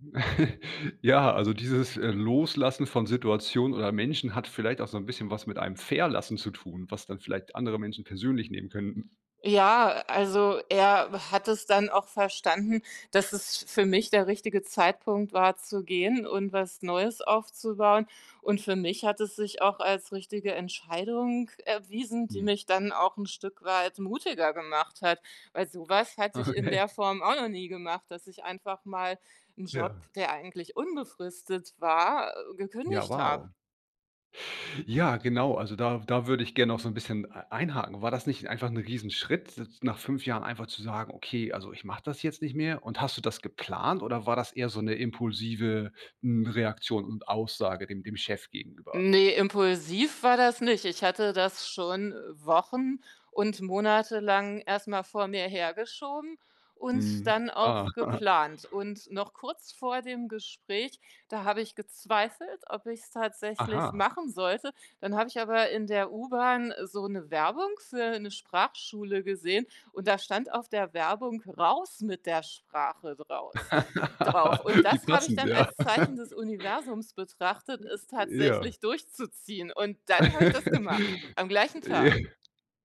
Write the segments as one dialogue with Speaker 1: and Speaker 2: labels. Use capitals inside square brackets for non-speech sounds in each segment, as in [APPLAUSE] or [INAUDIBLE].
Speaker 1: [CHUCKLES] Ja, also, dieses, äh, Loslassen von Situationen oder Menschen hat vielleicht auch so 'n bisschen was mit einem Verlassen zu tun, was dann vielleicht andere Menschen persönlich nehmen könnten.
Speaker 2: Ja, also, er hat es dann auch verstanden, dass es für mich der richtige Zeitpunkt war zu gehen und was Neues aufzubauen und für mich hat es sich auch als richtige Entscheidung erwiesen, die
Speaker 1: Hm.
Speaker 2: mich dann auch 'n Stück weit mutiger gemacht hat, weil so was hatte ich in
Speaker 1: Okay.
Speaker 2: der Form auch noch nie gemacht, dass ich einfach mal 'n Job,
Speaker 1: Ja.
Speaker 2: der eigentlich unbefristet war,
Speaker 1: Ja,
Speaker 2: gekündigt habe.
Speaker 1: wow. Ja, genau, also, da da würde ich gerne auch so 'n bisschen e einhaken. War das nicht einfach 'n Riesenschritt, d nach 5 Jahren einfach zu sage: „Okay, also, ich mache das jetzt nicht mehr?“ Und hast du das geplant oder war das eher so 'ne impulsive, hm, Reaktion und Aussage dem dem Chef gegenüber?
Speaker 2: Ne, impulsiv war das nicht. Ich hatte das schon wochen und monatelang erst mal vor mir hergeschoben und
Speaker 1: Mhm,
Speaker 2: dann
Speaker 1: ah.
Speaker 2: auch geplant. Und noch kurz vor dem Gespräch, da habe ich gezweifelt, ob ich's tatsächlich
Speaker 1: Aha.
Speaker 2: machen sollte. Dann habe ich aber in der U-Bahn so 'ne Werbung für 'ne Sprachschule gesehen und da stand auf der Werbung „Raus mit der Sprache“ draus drauf. Und
Speaker 1: [LAUGHS] Wie
Speaker 2: das habe ich
Speaker 1: passend,
Speaker 2: dann
Speaker 1: ja.
Speaker 2: als
Speaker 1: [LAUGHS]
Speaker 2: Zeichen des Universums betrachtet, es
Speaker 1: Ja.
Speaker 2: tatsächlich durchzuziehen. Und dann habe ich das gemacht,
Speaker 1: [CHUCKLES]
Speaker 2: am gleichen
Speaker 1: J
Speaker 2: Tag.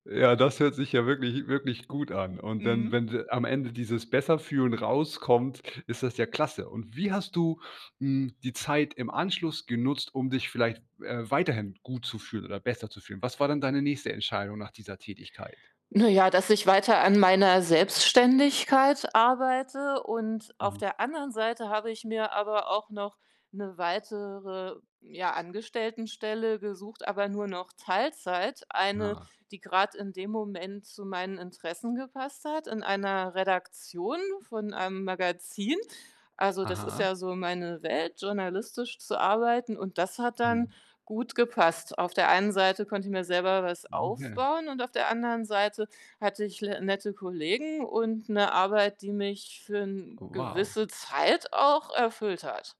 Speaker 1: ja, das hört sich ja wirklich wirklich gut an. Und dann,
Speaker 2: Mhm.
Speaker 1: wenn am Ende dieses „besser fühlen“ rauskommt, ist das ja klasse. Und wie hast du, hm, die Zeit im Anschluss genutzt, um dich vielleicht, äh, weiterhin gut zu fühlen oder besser zu fühlen? Was war denn deine nächste Entscheidung nach dieser Tätigkeit?
Speaker 2: Na ja, dass ich weiter an meiner Selbstständigkeit arbeite und auf
Speaker 1: Mhm.
Speaker 2: der anderen Seite habe ich mir aber auch noch 'ne weitere, ja, Angestelltenstelle gesucht, aber nur noch Teilzeit, eine,
Speaker 1: Ah.
Speaker 2: die grad in dem Moment zu meinen Interessen gepasst hat in einer Redaktion von einem Magazin. Also, das ist
Speaker 1: Aha.
Speaker 2: ja so meine Welt, journalistisch zu arbeiten und das hat dann
Speaker 1: Mhm.
Speaker 2: gut gepasst. Auf der einen Seite konnte ich mir selber was
Speaker 1: Okay.
Speaker 2: aufbauen und auf der anderen Seite hatte ich l nette Kollegen und 'ne Arbeit, die mich für 'ne
Speaker 1: Oh, wow.
Speaker 2: gewisse Zeit auch erfüllt hat.